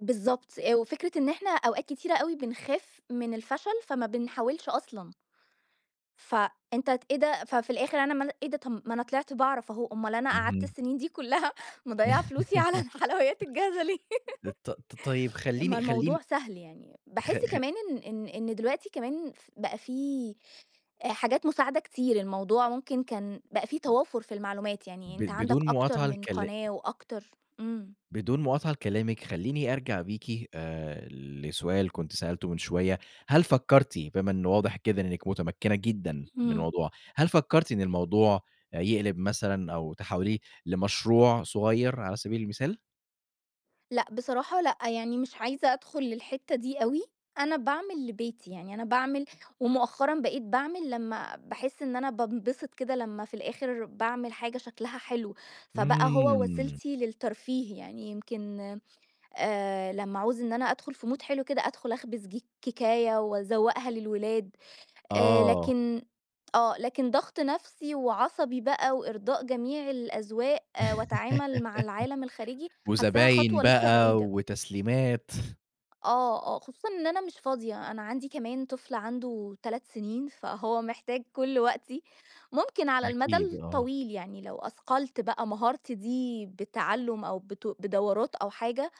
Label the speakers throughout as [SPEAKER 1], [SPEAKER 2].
[SPEAKER 1] بالضبط. آآ وفكرة إن احنا أوقات كتيرة أوي بنخاف من الفشل، فما بنحاولش أصلًا. فأنت ت إيه ده، ففي الآخر أنا مال إيه ده، ما أنا طلعت باعرف اهو. أومال أنا قعدت
[SPEAKER 2] اهم.
[SPEAKER 1] السنين دي كلها مضيّعة فلوسي على الحلويات الجاهزة ليه.
[SPEAKER 2] ط ط طيب
[SPEAKER 1] ما
[SPEAKER 2] خلّيني خلّيني
[SPEAKER 1] الموضوع سهل يعني.
[SPEAKER 2] خ
[SPEAKER 1] باحس
[SPEAKER 2] خ
[SPEAKER 1] كمان إن إن إن دلوقتي كمان ف بقى في حاجات مساعدة كتير، الموضوع ممكن كان بقى في توافر في المعلومات. يعني
[SPEAKER 2] ب
[SPEAKER 1] أنت عندك
[SPEAKER 2] بدون
[SPEAKER 1] أكتر
[SPEAKER 2] مُقاطعة
[SPEAKER 1] من
[SPEAKER 2] لكلا
[SPEAKER 1] قناة وأكتر إمم.
[SPEAKER 2] بدون مُقاطعة لكلامِك، خلّيني أرجع بيكِ آآ لسؤال كنت سألته من شوية. هل فكّرتِ بما إنه واضح كده إنِّك مُتمكّنة جدًا من
[SPEAKER 1] إمم.
[SPEAKER 2] الموضوع، هل فكرتِ إن الموضوع يقلب مثلًا، أو تحوّليه لمشروع صغير على سبيل المثال؟
[SPEAKER 1] لأ. بصراحة لأ، يعني مش عايزة أدخل للحتة دي أوي. أنا باعمل لبيتي، يعني أنا باعمل ومؤخرًا بقيت باعمل لما باحس إن أنا بانبسط كده لما في الآخر باعمل حاجة شكلها حلو. فبقى هو
[SPEAKER 2] إمم.
[SPEAKER 1] وسيلتي للترفيه. يعني يمكن آآ لما اعوز إن أنا أدخل في مود حلو كده، أدخل اخبز ج كيكاية، واذوّقها للولاد. آآ
[SPEAKER 2] آه.
[SPEAKER 1] لكن آه. لكن ضغط نَفسي، وعصبي بقى، وإرضاء جميع الأذواق، واتعامل مع العالم الخارجي، حاسّاها
[SPEAKER 2] وزباين
[SPEAKER 1] خطوة لسه
[SPEAKER 2] بقى،
[SPEAKER 1] بعيدة.
[SPEAKER 2] وتسليمات.
[SPEAKER 1] آه، آه. خصوصًا إن أنا مش فاضية. أنا عندي كمان طفل عنده 3 سنين، فهو محتاج كل وقتي. ممكن على المدى
[SPEAKER 2] أكيد، آه.
[SPEAKER 1] الطويل يعني لو أثقلت بقى مهارتي دي بِتَعلُّم، أو بت بدورات أو حاجة،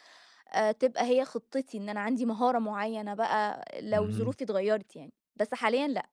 [SPEAKER 1] آآ تبقى هي خطَّتي. إن أنا عندي مهارة معينة بقى لو
[SPEAKER 2] اهم.
[SPEAKER 1] ظروفي اتغيّرت يعني. بس حاليًا لأ.